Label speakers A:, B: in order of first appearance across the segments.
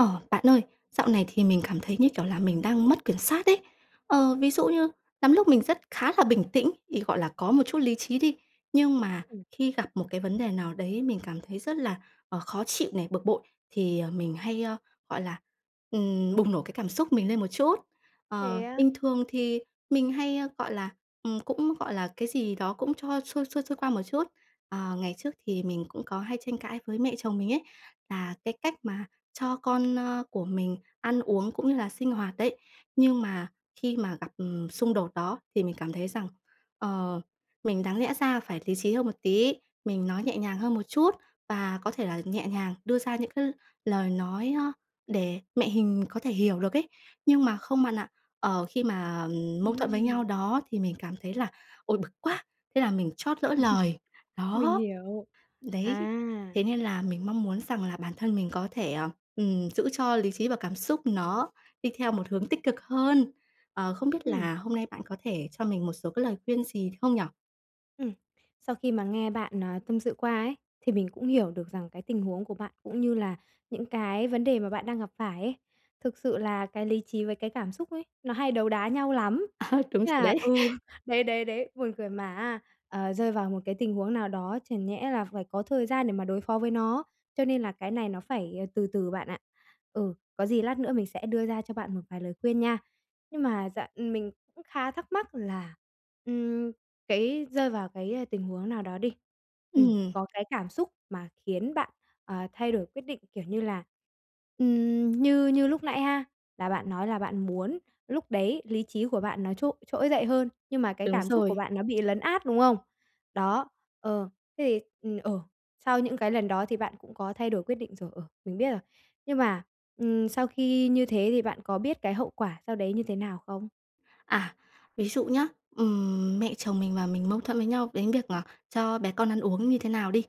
A: Ờ, bạn ơi, dạo này thì mình cảm thấy, như kiểu là, mình đang mất kiểm soát ấy. Ờ, ví dụ như lắm lúc mình rất khá là bình tĩnh, thì, gọi là, có một chút lý trí đi, nhưng mà
B: Ừm.
A: khi gặp một cái vấn đề nào đấy mình cảm thấy rất là, ờ, khó chịu này, bực bội, thì, ờ, mình hay, ơ, gọi là, ừm, bùng nổ cái cảm xúc mình lên một chút. Ờ,
B: Thế á?
A: bình thường thì mình hay, ơ, gọi là, ừm, cũng gọi là cái gì đó cũng cho xuôi, xuôi, xuôi qua một chút. Ờ, ngày trước thì mình cũng có hay tranh cãi với mẹ chồng mình ấy, là cái cách mà cho con, ơ, của mình ăn uống cũng như là sinh hoạt đấy, nhưng mà khi mà gặp, ừm, xung đột đó thì mình cảm thấy rằng, ờ, mình đáng lẽ ra phải lý trí hơn một tí, mình nói nhẹ nhàng hơn một chút, và có thể là nhẹ nhàng đưa ra những cái l lời nói á để mẹ hình có thể hiểu được ấy. Nhưng mà không bạn ạ, ờ, khi mà, ừm, mâu thuẫn với nhau
B: Ừm.
A: đó thì mình cảm thấy là "Ôi, bực quá!", thế là mình trót lỡ lời,
B: Mình
A: đó.
B: hiểu.
A: Đấy,
B: À!
A: thế nên là mình mong muốn rằng là bản thân mình có thể, ờ, ừm, giữ cho lý trí và cảm xúc nó đi theo một hướng tích cực hơn. Ờ, không biết
B: Ừm.
A: là hôm nay bạn có thể cho mình một số cái lời khuyên gì được không nhỉ?
B: Ừm. Sau khi mà nghe bạn, à, tâm sự qua ấy, thì mình cũng hiểu được rằng cái tình huống của bạn cũng như là những cái vấn đề mà bạn đang gặp phải ấy. Thực sự là cái lý trí với cái cảm xúc ấy, nó hay đấu đá nhau lắm.
A: À, đúng
B: Thế
A: rồi
B: là
A: đấy.
B: ừ, đấy, đấy, đấy, buồn cười, mà á, ờ, rơi vào một cái tình huống nào đó chẳng nhẽ là phải có thời gian để mà đối phó với nó. Cho nên là cái này nó phải từ từ bạn ạ. Ừ, có gì lát nữa mình sẽ đưa ra cho bạn một vài lời khuyên nha. Nhưng mà dạ mình cũng khá thắc mắc là, ừm, cái rơi vào cái tình huống nào đó đi, ừm,
A: Ừm.
B: có cái cảm xúc mà khiến bạn, ờ, thay đổi quyết định, kiểu như là, ừm, như như lúc nãy ha, là bạn nói là bạn muốn lúc đấy lý trí của bạn nó trỗ trỗi dậy hơn, nhưng mà cái
A: Đúng
B: cảm xúc của
A: rồi.
B: bạn nó bị lấn át, đúng không? Đó, ờ, thế thì ừm, ờ, sau những cái lần đó thì bạn cũng có thay đổi quyết định rồi, ờ, mình biết rồi. Nhưng mà, ừm, sau khi như thế thì bạn có biết cái hậu quả sau đấy như thế nào không?
A: À, ví dụ nhá, ừm, mẹ chồng mình và mình mâu thuẫn với nhau đến việc, ờ, cho bé con ăn uống như thế nào đi.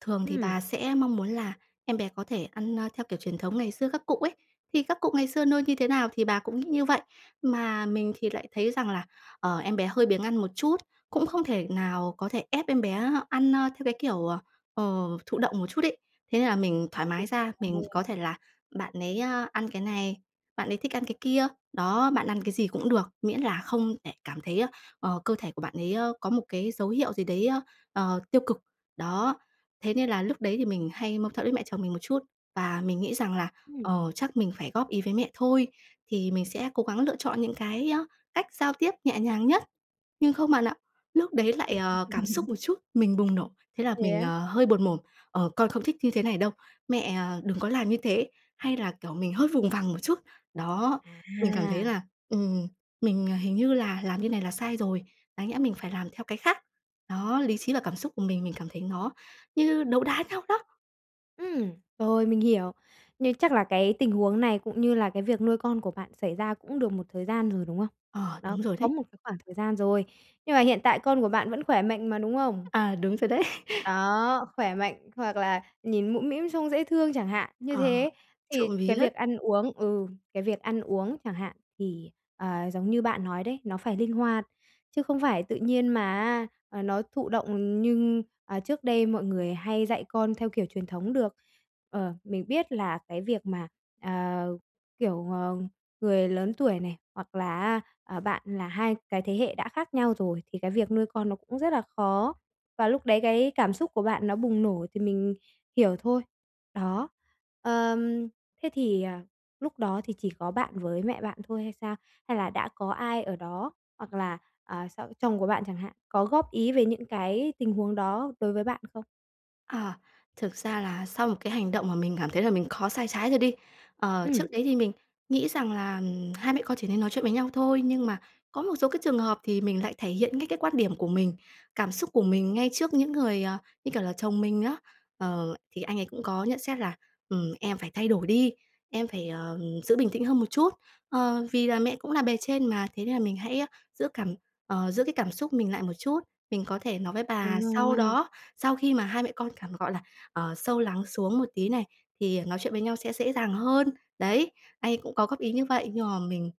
A: Thường thì
B: Ừm.
A: bà sẽ mong muốn là em bé có thể ăn, ơ, theo kiểu truyền thống ngày xưa các cụ ấy. Thì các cụ ngày xưa nuôi như thế nào thì bà cũng như vậy. Mà mình thì lại thấy rằng là, ờ, em bé hơi biếng ăn một chút, cũng không thể nào có thể ép em bé ăn, ơ, theo cái kiểu, ờ, ờ, thụ động một chút ấy. Thế nên là mình thoải mái ra, mình có thể là bạn ấy, ờ, ăn cái này, bạn ấy thích ăn cái kia, đó, bạn ăn cái gì cũng được, miễn là không để cảm thấy, ờ, cơ thể của bạn ấy có một cái dấu hiệu gì đấy, ờ, tiêu cực. Đó. Thế nên là lúc đấy thì mình hay mâu thuẫn với mẹ chồng mình một chút, và mình nghĩ rằng là,
B: Ừm.
A: ờ, chắc mình phải góp ý với mẹ thôi, thì mình sẽ cố gắng lựa chọn những cái, ơ, cách giao tiếp nhẹ nhàng nhất. Nhưng không bạn ạ, lúc đấy lại, ờ, cảm xúc một chút, mình bùng nổ, thế là
B: Thế
A: mình,
B: á?
A: ờ, hơi buột mồm: "Ờ, con không thích như thế này đâu. Mẹ, ờ, đừng có làm như thế!", hay là, kiểu, mình hơi vùng vằng một chút. Đó, mình cảm thấy
B: À!
A: là, ừm, mình hình như là làm như này là sai rồi, đáng nhẽ mình phải làm theo cái khác. Đó, lý trí và cảm xúc của mình, mình cảm thấy nó như đấu đá nhau đó.
B: Ừm, rồi, mình hiểu. Nhưng chắc là cái tình huống này cũng như là cái việc nuôi con của bạn xảy ra cũng được một thời gian rồi, đúng không?
A: Ờ,
B: Đó,
A: đúng rồi
B: có
A: đấy.
B: một cái khoảng thời gian rồi. Nhưng mà hiện tại con của bạn vẫn khỏe mạnh mà, đúng không?
A: À, đúng rồi đấy.
B: Đó, khỏe mạnh hoặc là nhìn mũm mĩm, trông dễ thương chẳng hạn. Như
A: Ờ,
B: thế thì
A: trộm
B: cái
A: vía.
B: việc ăn uống ừ, cái việc ăn uống chẳng hạn, thì, ờ, giống như bạn nói đấy, nó phải linh hoạt chứ không phải tự nhiên mà á, à, nó thụ động nhưng à, trước đây mọi người hay dạy con theo kiểu truyền thống được. Ờ, mình biết là cái việc mà, à, kiểu, ờ, người lớn tuổi này, hoặc là á, ờ, bạn là hai cái thế hệ đã khác nhau rồi thì cái việc nuôi con nó cũng rất là khó, và lúc đấy cái cảm xúc của bạn nó bùng nổ thì mình hiểu thôi. Đó, ờm, thế thì, à, lúc đó thì chỉ có bạn với mẹ bạn thôi hay sao? Hay là đã có ai ở đó hoặc là, ờ, s chồng của bạn chẳng hạn, có góp ý về những cái tình huống đó đối với bạn không?
A: À, thực ra là sau một cái hành động mà mình cảm thấy là mình có sai trái rồi đi. Ờ,
B: Ừm.
A: trước đấy thì mình nghĩ rằng là, ừm, hai mẹ con chỉ nên nói chuyện với nhau thôi, nhưng mà có một số cái trường hợp thì mình lại thể hiện ngay cái quan điểm của mình, cảm xúc của mình ngay trước những người, ờ, như kiểu là chồng mình á. Ờ, thì anh ấy cũng có nhận xét là "Ừm, em phải thay đổi đi! Em phải, ờ, giữ bình tĩnh hơn một chút. Ờ, vì là mẹ cũng là bề trên mà, thế nên là mình hãy, a, giữ cảm ờ, giữ cái cảm xúc mình lại một chút. Mình có thể nói với bà
B: Đúng
A: sau
B: rồi.
A: đó, sau khi mà hai mẹ con cảm gọi là, ờ, sâu lắng xuống một tí này, thì nói chuyện với nhau sẽ dễ dàng hơn." Đấy, anh ấy cũng có góp ý như vậy, nhưng mà mình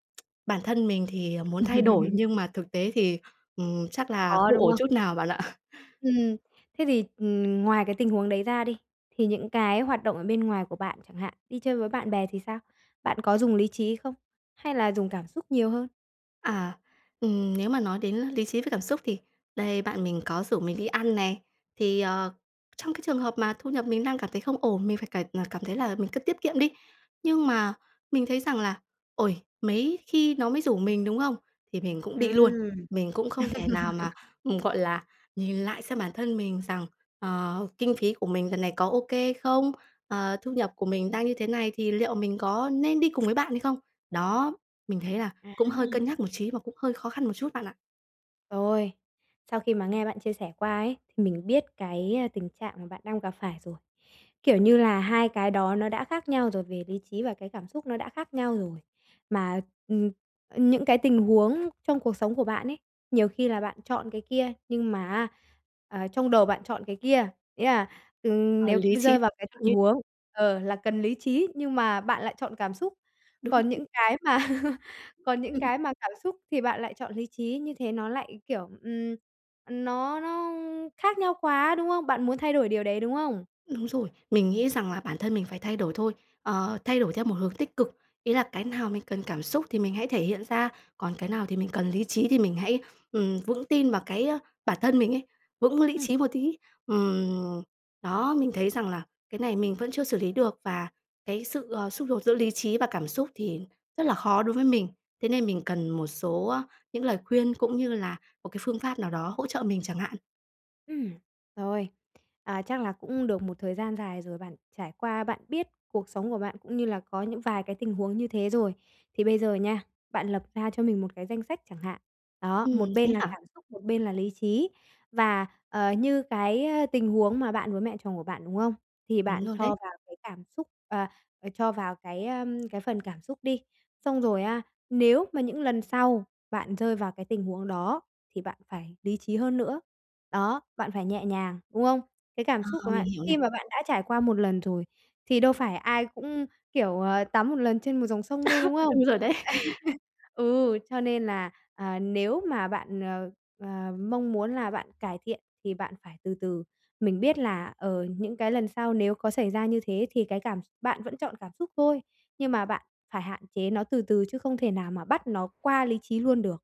A: bản thân mình thì muốn thay đổi nhưng mà thực tế thì, ừm, chắc là
B: Khó,
A: không
B: đúng
A: ổn
B: không?
A: chút nào bạn ạ.
B: Ừm, thế thì, ừm, ngoài cái tình huống đấy ra đi, thì những cái hoạt động ở bên ngoài của bạn chẳng hạn, đi chơi với bạn bè thì sao? Bạn có dùng lý trí không hay là dùng cảm xúc nhiều hơn?
A: À. Ừm, nếu mà nói đến lý trí với cảm xúc thì đây, bạn mình có rủ mình đi ăn này. Thì, ờ, trong cái trường hợp mà thu nhập mình đang cảm thấy không ổn, mình phải cải ờ, cảm thấy là mình cứ tiết kiệm đi. Nhưng mà mình thấy rằng là "Ôi, mấy khi nó mới rủ mình", đúng không? Thì mình cũng đi luôn.
B: Ừm.
A: Mình cũng không thể nào mà, ừm, gọi là, nhìn lại xem bản thân mình rằng, ờ, kinh phí của mình lần này có ô kê không, ờ, thu nhập của mình đang như thế này thì liệu mình có nên đi cùng với bạn hay không. Đó, mình thấy là cũng hơi cân
B: À!
A: nhắc một trí và cũng hơi khó khăn một chút bạn ạ.
B: Rồi. Sau khi mà nghe bạn chia sẻ qua ấy thì mình biết cái tình trạng mà bạn đang gặp phải rồi. Kiểu như là hai cái đó nó đã khác nhau rồi, về lý trí và cái cảm xúc nó đã khác nhau rồi. Mà, ừm, ờ, những cái tình huống trong cuộc sống của bạn ấy, nhiều khi là bạn chọn cái kia nhưng mà á à, trong đầu bạn chọn cái kia, nghĩa là, ừ,
A: Ờ,
B: nếu
A: lý
B: v
A: trí
B: rơi vào cái tình
A: như
B: huống ờ, là cần lý trí nhưng mà bạn lại chọn cảm xúc.
A: Đúng
B: Còn những cái mà còn những
A: Ừm.
B: cái mà cảm xúc thì bạn lại chọn lý trí, như thế nó lại, kiểu, ừm, ờ, nó nó khác nhau quá, đúng không? Bạn muốn thay đổi điều đấy, đúng không?
A: Đúng rồi. Mình nghĩ rằng là bản thân mình phải thay đổi thôi, ờ, thay đổi theo một hướng tích cực. Ý là cái nào mình cần cảm xúc thì mình hãy thể hiện ra, còn cái nào thì mình cần lý trí thì mình hãy, ừm, vững tin vào cái bản thân mình ấy, vững lý
B: Ừm.
A: trí một tí. Ừm. Đó, mình thấy rằng là cái này mình vẫn chưa xử lý được, và cái sự, ờ, xung đột giữa lý trí và cảm xúc thì rất là khó đối với mình, thế nên mình cần một số những lời khuyên cũng như là một cái phương pháp nào đó hỗ trợ mình chẳng hạn.
B: Ừm, rồi. À, chắc là cũng được một thời gian dài rồi bạn trải qua, bạn biết cuộc sống của bạn, cũng như là có những vài cái tình huống như thế rồi. Thì bây giờ nha, bạn lập ra cho mình một cái danh sách chẳng hạn, đó,
A: Ừm,
B: một
A: thế
B: bên là
A: hả?
B: cảm xúc, một bên là lý trí. Và, ờ, như cái tình huống mà bạn với mẹ chồng của bạn, đúng không? Thì
A: Đúng
B: bạn
A: rồi
B: cho
A: đấy.
B: vào cái cảm xúc ờ, ờ, cho vào cái, ơ, cái phần cảm xúc đi. Xong rồi á, nếu mà những lần sau bạn rơi vào cái tình huống đó thì bạn phải lý trí hơn nữa, đó, bạn phải nhẹ nhàng, đúng không? Cái cảm
A: Ờ,
B: xúc của
A: mình
B: bạn,
A: hiểu này.
B: khi mà bạn đã trải qua một lần rồi thì đâu phải ai cũng, kiểu, ờ, tắm một lần trên một dòng sông đâu, đúng không?
A: Đúng rồi đấy.
B: Ừ, cho nên là, à, nếu mà bạn, ờ, ờ, mong muốn là bạn cải thiện thì bạn phải từ từ. Mình biết là, ờ, những cái lần sau nếu có xảy ra như thế thì cái cảm x bạn vẫn chọn cảm xúc thôi, nhưng mà bạn phải hạn chế nó từ từ, chứ không thể nào mà bắt nó qua lý trí luôn được,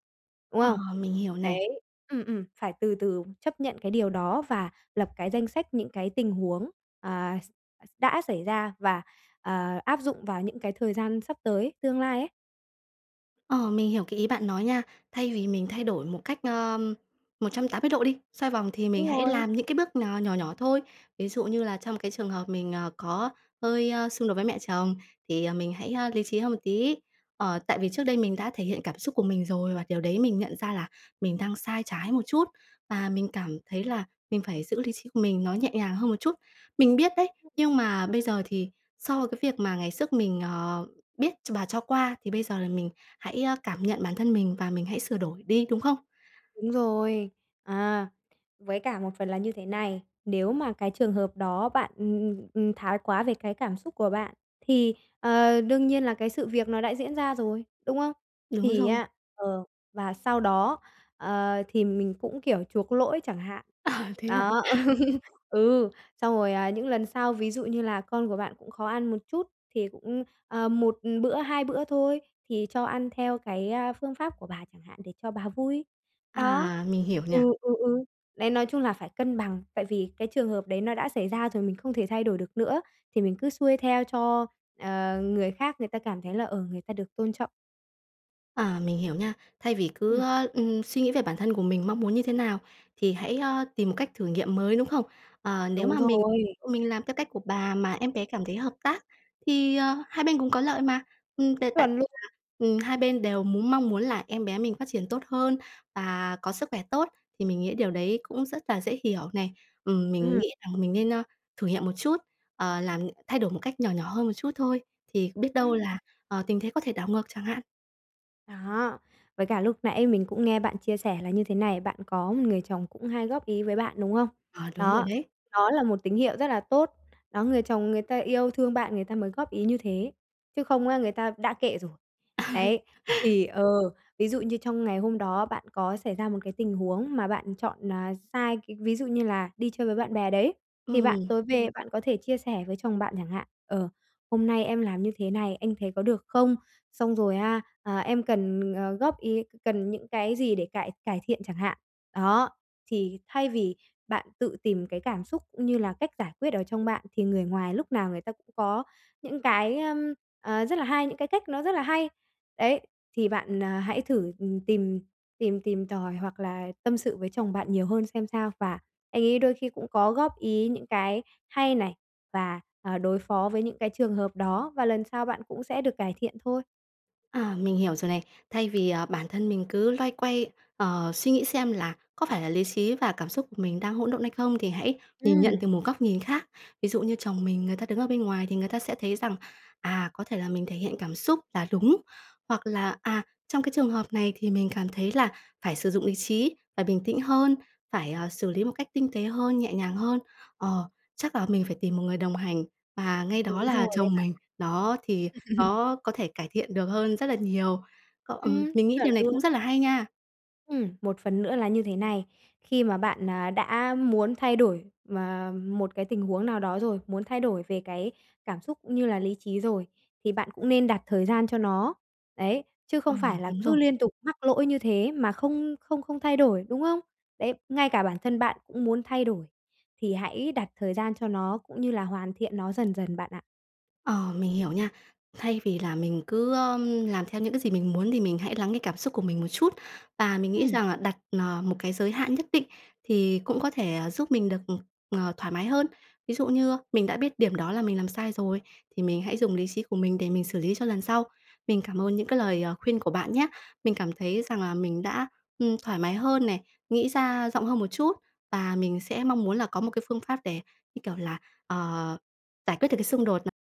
B: đúng
A: Ờ,
B: không?
A: mình hiểu này.
B: Đấy ừm, ừm, phải từ từ chấp nhận cái điều đó và lập cái danh sách những cái tình huống, à, x x đã xảy ra và, à, áp dụng vào những cái thời gian sắp tới, tương lai ấy.
A: Ờ, mình hiểu cái ý bạn nói nha. Thay vì mình thay đổi một cách, ờm, 180 độ đi, xoay vòng, thì mình
B: Đúng
A: hãy
B: rồi.
A: làm những cái bước nò nhỏ nhỏ thôi, ví dụ như là trong cái trường hợp mình, ờ, có hơi, ơ, xung đột với mẹ chồng, thì mình hãy, ơ, lý trí hơn một tí. Ờ, tại vì trước đây mình đã thể hiện cảm xúc của mình rồi, và điều đấy mình nhận ra là mình đang sai trái một chút, và mình cảm thấy là mình phải giữ lý trí của mình nó nhẹ nhàng hơn một chút. Mình biết đấy, nhưng mà bây giờ thì so cái việc mà ngày xước mình, ờ, biết ch và cho qua, thì bây giờ là mình hãy cảm nhận bản thân mình và mình hãy sửa đổi đi, đúng không?
B: Đúng rồi. À, với cả một phần là như thế này, nếu mà cái trường hợp đó bạn, ừm, ừm, ừm, thái quá về cái cảm xúc của bạn, thì, ờ, đương nhiên là cái sự việc nó đã diễn ra rồi, đúng không?
A: Đúng
B: Thì
A: rồi.
B: á ờ, và sau đó, ờ, thì mình cũng kiểu chuộc lỗi chẳng hạn.
A: À, thế à?
B: Đó. Ừ, xong rồi, à, những lần sau, ví dụ như là con của bạn cũng khó ăn một chút thì cũng, ờ, 1 bữa, 2 bữa thôi thì cho ăn theo cái, à, phương pháp của bà chẳng hạn để cho bà vui. Đó.
A: À, mình hiểu
B: Ừ,
A: nha.
B: ừ, ừ, đấy, nói chung là phải cân bằng, tại vì cái trường hợp đấy nó đã xảy ra rồi, mình không thể thay đổi được nữa, thì mình cứ xuôi theo cho ờ, người khác người ta cảm thấy là, ờ, người ta được tôn trọng.
A: À, mình hiểu nha. Thay vì cứ,
B: Ừm.
A: ơ, ừm, suy nghĩ về bản thân của mình mong muốn như thế nào thì hãy, ơ, tìm một cách thử nghiệm mới, đúng không? Ờ, nếu
B: Đúng
A: mà mình
B: rồi.
A: mình làm theo cách của bà mà em bé cảm thấy hợp tác thì, ờ, hai bên cùng có lợi mà. Ừm, t tại
B: Chuẩn luôn.
A: ừm, hai bên đều muốn mong muốn là em bé mình phát triển tốt hơn và có sức khỏe tốt, thì mình nghĩ điều đấy cũng rất là dễ hiểu này. Ừm, mình
B: Ừm.
A: nghĩ rằng mình nên, a, thử nghiệm một chút, ờ, làm thay đổi một cách nhỏ nhỏ hơn một chút thôi, thì biết đâu
B: Ừm.
A: là, ờ, tình thế có thể đảo ngược chẳng hạn.
B: Đó, với cả lúc nãy mình cũng nghe bạn chia sẻ là như thế này, bạn có một người chồng cũng hay góp ý với bạn, đúng hông?
A: Ờ, đúng rồi
B: Đó,
A: đấy.
B: đó là một tín hiệu rất là tốt. Đó, người chồng người ta yêu thương bạn người ta mới góp ý như thế, chứ không á người ta đã kệ rồi. Đấy, thì ờ, ví dụ như trong ngày hôm đó bạn có xảy ra một cái tình huống mà bạn chọn, à, sai cái ví dụ như là đi chơi với bạn bè đấy, thì bạn
A: Ừm.
B: tối về bạn có thể chia sẻ với chồng bạn chẳng hạn, ờ, "Hôm nay em làm như thế này, anh thấy có được không?" Xong rồi, a, ờ "Em cần, ờ, góp ý, cần những cái gì để cải cải thiện?" chẳng hạn. Đó, thì thay vì bạn tự tìm cái cảm xúc cũng như là cách giải quyết ở trong bạn thì người ngoài lúc nào người ta cũng có những cái, ưm, ờ, rất là hay, những cái cách nó rất là hay. Đấy, thì bạn, à, hãy thử, ừm, tìm tìm tìm tòi hoặc là tâm sự với chồng bạn nhiều hơn xem sao, và anh ấy đôi khi cũng có góp ý những cái hay này và, ờ, đối phó với những cái trường hợp đó và lần sau bạn cũng sẽ được cải thiện thôi.
A: À, mình hiểu rồi này. Thay vì, à, bản thân mình cứ loay quay, ờ, suy nghĩ xem là có phải là lý trí và cảm xúc mình đang hỗn độn hay không thì hãy nhìn nhận
B: Ừm.
A: từ một góc nhìn khác. Ví dụ như chồng mình, người ta đứng ở bên ngoài thì người ta sẽ thấy rằng, à, có thể là mình thể hiện cảm xúc là đúng, hoặc là, à, trong cái trường hợp này thì mình cảm thấy là phải sử dụng lý trí, phải bình tĩnh hơn, phải, à, xử lý một cách tinh tế hơn, nhẹ nhàng hơn. Ờ, chắc là mình phải tìm một người đồng hành và ngay đó
B: Đúng
A: là
B: rồi đấy
A: chồng
B: bạn
A: mình, đó, thì
B: ạ.
A: nó có thể cải thiện được hơn rất là nhiều. Cọ ừm,
B: Ừm.
A: mình nghĩ
B: Chuẩn
A: điều này
B: luôn.
A: cũng rất là hay nha!
B: Ừm, một phần nữa là như thế này. Khi mà bạn, à, đã muốn thay đổi m một cái tình huống nào đó rồi, muốn thay đổi về cái cảm xúc cũng như là lý trí rồi thì bạn cũng nên đặt thời gian cho nó. Đấy, chứ
A: Ờ,
B: không phải là
A: đúng rồi.
B: cứ liên tục mắc lỗi như thế mà không không không thay đổi, đúng không? Đấy, ngay cả bản thân bạn cũng muốn thay đổi, thì hãy đặt thời gian cho nó cũng như là hoàn thiện nó dần dần bạn ạ.
A: Ờ, mình hiểu nha. Thay vì là mình cứ, ơ, làm theo những cái gì mình muốn thì mình hãy lắng cái cảm xúc của mình một chút. Và mình nghĩ
B: Ừm.
A: rằng là đặt, ờ, một cái giới hạn nhất định thì cũng có thể giúp mình được, ờ, thoải mái hơn. Ví dụ như mình đã biết điểm đó là mình làm sai rồi thì mình hãy dùng lý trí của mình để mình xử lý cho lần sau. Mình cảm ơn những cái lời, ờ, khuyên của bạn nhá! Mình cảm thấy rằng là mình đã, ừm, thoải mái hơn này, nghĩ ra rộng hơn một chút, và mình sẽ mong muốn là có một cái phương pháp để, như kiểu là, ờ, giải quyết được cái xung đột n